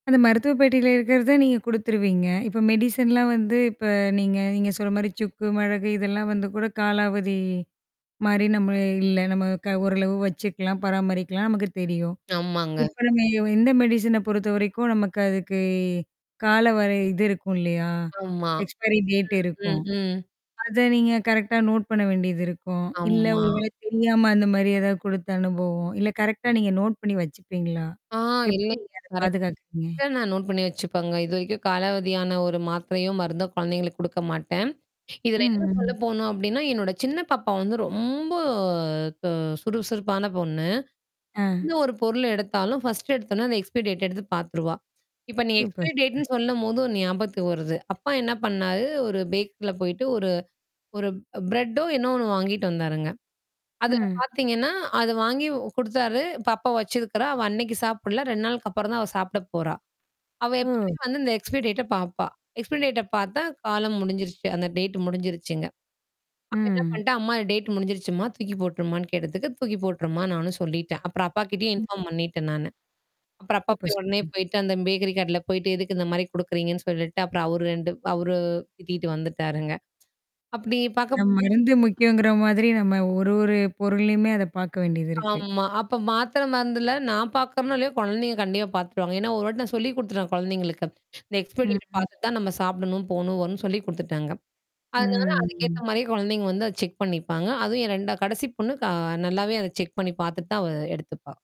அந்த மருத்துவ பெட்டியில இருக்கிறது நீங்க குடுத்துருவீங்க. இப்ப மெடிசன்லாம் வந்து இப்ப நீங்க நீங்க சொல்ற மாரி சுக்கு, மிளகு இதெல்லாம் வந்து கூட காலாவதி மாரி நம்ம இல்ல, நம்ம க ஓரளவு வச்சுக்கலாம், பராமரிக்கலாம், நமக்கு தெரியும். ஆமாங்க. இப்ப நம்ம எ வ இந்த மெடிசின பொறுத்தவரைக்கும் நமக்கு அதுக்கு கால வர இது இருக்கும் இல்லையா? ஆமா. எக்ஸ்பயரி டேட் ம். இருக்கும். ம். ம். அத நீங்க கரெக்ட்டா நோட் பண்ண வேண்டியது இருக்கும். இல்ல ஆமா ஒரு வேளை தெரியாம அந்த மாரி ஏதாவது குடுத்த அனுபவம், இல்ல கரெக்ட்டா நீங்க நோட் பண்ணீ வச்சுப்பீங்களா? ஆ எப்டி இல்லங்க, நீங்க அத கரெக்ட்டா பாதுகாத்துக்குறீங்க? நான் நோட் பண்ணீ வச்சுப்பேங்க. இதுவரைக்கும் காலாவதியான ஒரு மாத்திரையும் மருந்தும் கொழந்தைங்களுக்கு குடுக்க மாட்டேன். இதுல ம். இன்னும் சொல்ல ம். போணும் அப்டீன்னா, என்னோட சின்ன பாப்பா வந்து ரொம்ப தொ சுறு சுருப்பான பொண்ணு. ஆ. எந்த ஒரு பொருள எடுத்தாலும் ஃபர்ஸ்ட் எடுத்தோன்ன, அந்த எக்ஸ்பயரி டேட் எடுத்து பாத்துருவா. இப்ப நீங்க சூப்பர், எக்ஸ்பயரி சூப்பர். டேட்ன்னு சொல்லும்போது ஒண்ணு ஞாபகத்து வருது. அப்பா என்னா பண்ணாரு, ஒரு பேக்கரில போயிட்டு ஒரு ஒரு பிரெட்டோ என்னோ ஒண்ணு வாங்கிட்டு வந்தாருங்க. அதில ம். பாத்தீங்கன்னா அது வாங்கி குடுத்தாரு. பாப்பா வச்சிருக்கறா அவ அனைக்கு சாப்பிடல. 2 நாளுக்கு அப்புறம் தான் அவ சாப்பிட போறா. அவ எப்பவுமே ஓ. வந்து இந்த எக்ஸ்பைரி டேட்ட பாப்பா. எக்ஸ்பைரி டேட்ட பாத்தா காலம் முடிஞ்சிருச்சு. அந்த டேட்டு முடிஞ்சிருச்சுங்க. அவ என்னா அ. பண்ணிட்டா அம்மா இந்த டேட்டு முடிஞ்சிருச்சும்மா, தூக்கி போட்ருமா கேட்டதுக்கு தூக்கி போட்டுருமான்னு நானும் சொல்லிட்டேன். அப்புறம் அப்பாகிட்டயும் இன்ஃபார்ம் பண்ணிட்டேன் நானு. அப்புறம் அப்பா சூப்பர், போய் உடனே சூப்பர். போயிட்டு அந்த பேக்ரி கடைல போயிட்டு எதுக்கு இந்த மாரி குடுக்குறீங்கன்னு சொல்லிட்டு, அப்புறம் அவரு 2 அவரு திட்டீட்டு வந்துட்டாருங்க. அப்படி பாக்க ந போது மருந்து முக்கியங்கிற மாதிரி நம்ம ஒரு ஒரு பொருள்லயுமே அத பாக்க வேண்டியது இருக்கு. ஆமா. அப்ப மாத்திர மருந்துல நான் பாக்கறேனோ, இல்லையோ குழந்தைங்க கண்டிப்பா பாத்துருவாங்க. ஏன்னா ஒரு வாட்டி நான் சொல்லிக் குடுத்துட்டேன் குழந்தைங்களுக்கு. இந்த எக்ஸ்பயரி ம், டேட் ம். பாத்துட்டு தான் நம்ம சாப்பிடணும், போணும் வரும்ன்னு சொல்லிக் குடுத்துட்டேங்க. அதனால ம். அதுக்கேத்த மாரியே குழந்தைங்க வந்து அத செக் பண்ணிப்பாங்க. அதுவும் என் 2ஆ கடைசி பொண்ணு க நல்லாவே அத செக் பண்ணீ பாத்துட்டு தான் அவ எடுத்துப்பா.